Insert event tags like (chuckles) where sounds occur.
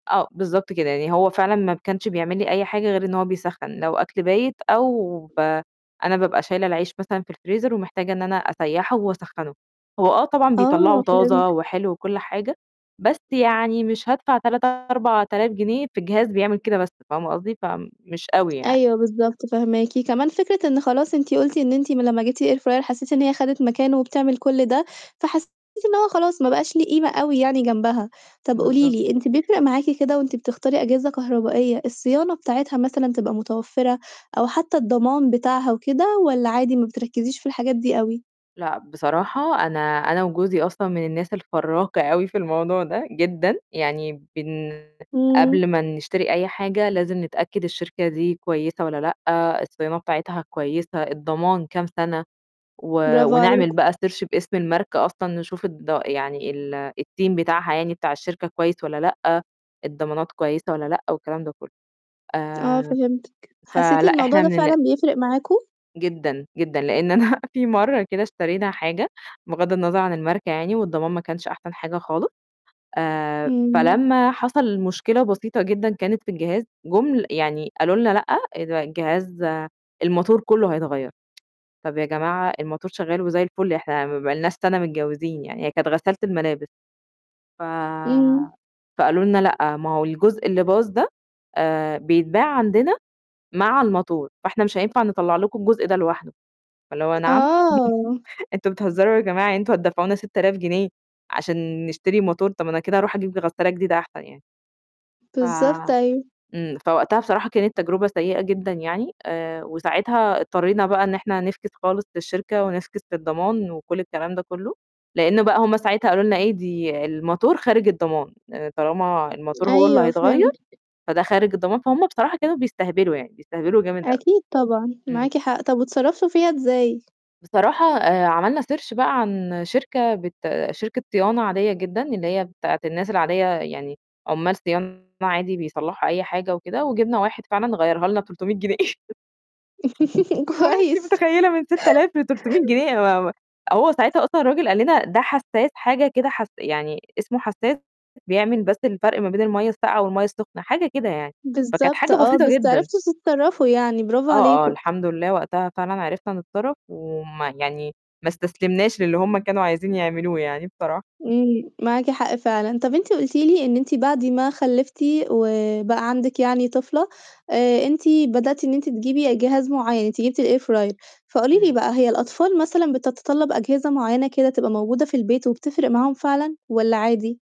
آه، بالضبط كده. يعني هو فعلًا ما كانش بيعمل لي أي حاجة غير إن هو بيسخّن لو أكل بايت أو ب أنا بابقى شايلة العيش مثلًا في الفريزر ومحتاجة إن أنا أسيّحه وأسخّنه. هو آه طبعًا بيطلّعه آه طازة فهمتِك. وحلو وكل حاجة، بس يعني مش هادفع 3000، 4000 جنيه في جهاز بيعمل كده بس، فاهمة قصدي؟ فمش أوي يعني. أيوه بالضبط، فاهماكِ. كمان فكرة إن خلاص أنتِ قُلتِ إن أنتِ م لمّا جِبتِ الair fryer حسّيتِ إن هي خدت مكانه وبتعمل كل ده، فحسّيتِ إن هو خلاص ما بقاش ليه قيمة أوي يعني جنبها. طَب قولي بالضبط. لي أنتِ بيفرق معاكِ كده وأنتِ بتختاري أجهزة كهربائية الصيانة بتاعتها مثلًا تبقى متوفّرة أو حتّى الضمان بتاعها وكده والّا عادي ما بتركِّزيش في الحاجات دي أوي؟ لأ، بصراحة أنا أنا وجوزي أصلًا من الناس الفرّاكة أوي في الموضوع ده جدًا، يعني بن إمم. قبل ما نشتري أي حاجة لازم نتأكد الشركة دي كويسة والّا لأ، الصيانات بتاعتها كويسة، الضمان كام سنة و برافو ونعمل عليكم. بقى search باسم الماركة أصلًا نشوف الض يعني ال الteam بتاعها يعني بتاع الشركة كويس والّا لأ، الضمانات كويسة والّا لأ والكلام ده كُلّه. آه آآ فهمتِك. حسّيتِ فلأ الموضوع إحنا ده من الن فعلًا بيفرق معاكم؟ جدًا، جدًا. لإن أنا في مرّة كده اشترينا حاجة، بغض النظر عن الماركة يعني والضمان ما كانش أحسن حاجة خالص. آآ إمم. فلما حصل مشكلة بسيطة جدًا كانت في الجهاز، جُم يعني قالوا لنا: "لأ، اد الجهاز الموتور كُلّه هيتغيّر." (tsk) "طَب يا جماعة الموتور شغّال وزي الفُل، إحنا ما بقالناش سَنة متجوّزين يعني." هي كانت غسالة الملابس. ف إمم. فقالوا لنا: "لأ، ما هو الجزء اللي باظ ده آآ بيتباع عندنا مع الموتور، فإحنا مش هينفع نطلّع لكم الجزء ده لوحده." فاللي هو نعم! آه. (chuckles) أنتم بتهزّروا يا جماعة يعني أنتم هتدفعونا 6000 جنيه عشان نشتري موتور؟ طَب ما أنا كده أروح أجيب غسّالة جديدة أحسن يعني. ف بالضبط أيوه. إمم. فوقتها بصراحة كانت تجربة سيئة جدًا يعني آآ وساعتها اضطرينا بقى إن إحنا نفكِس خالص للشركة، ونفكِس للضمان وكل الكلام ده كُلّه، لإنّه بقى هم ساعتها قالوا لنا إيه "دي الموتور خارج الضمان، لإن طالما الموتور هو اللي أيوه هيتغيّر، فهمتِك. فده خارج الضمان" فهم بصراحة كانوا بيستهبلوا يعني، بيستهبلوا جامد أوي. أكيد طبعًا. إمم. معاكِ حق. طَب واتصرّفتوا فيها إزاي؟ بصراحة آآ عملنا search بقى عن شركة بت شركة صيانة عادية جدًا، اللي هي بتاعة الناس العادية يعني عُمّال صيانة عادي بيصلّحوا أي حاجة وكده، وجِبنا واحد فعلًا غيّرها لنا ب300 جنيه. (chuckles) (laughs) اللي هو أنتِ كويس. متخيلة؟ من 6000 ل300 جنيه أنا ما ما هو ساعتها أصلًا الرجل قال لنا ده حساس حاجة كده حس يعني اسمه حساس بيعمل بس الفرق ما بين المَيّة الساقعة والمَيّة السُخنة، حاجة كده يعني. فكانت بالضبط حاجة آه. بسيطة بس جدًا. عرفتوا تتصرّفوا يعني برافو آه، آه، عليكم. الحمد لله وقتها فعلًا عرفنا نتصرّف، وما يعني ما استسلمناش للي هم كانوا عايزين يعملوه يعني بصراحة. إمم. معاكِ حق فعلًا. طَب أنتِ قُلتِ لي إن أنتِ بعد ما خلّفتِ وبقى عندِك يعني طفلة، آآ أنتِ بدأتِ إن أنتِ تجيبي جهاز معيّن، أنت جِبتِ الair fryer، فقولي لي إمم. بقى هي الأطفال مثلًا بتتطّلب أجهزة معيّنة كده تبقى موجودة في البيت وبتفرق معاهم فعلًا والّا عادي؟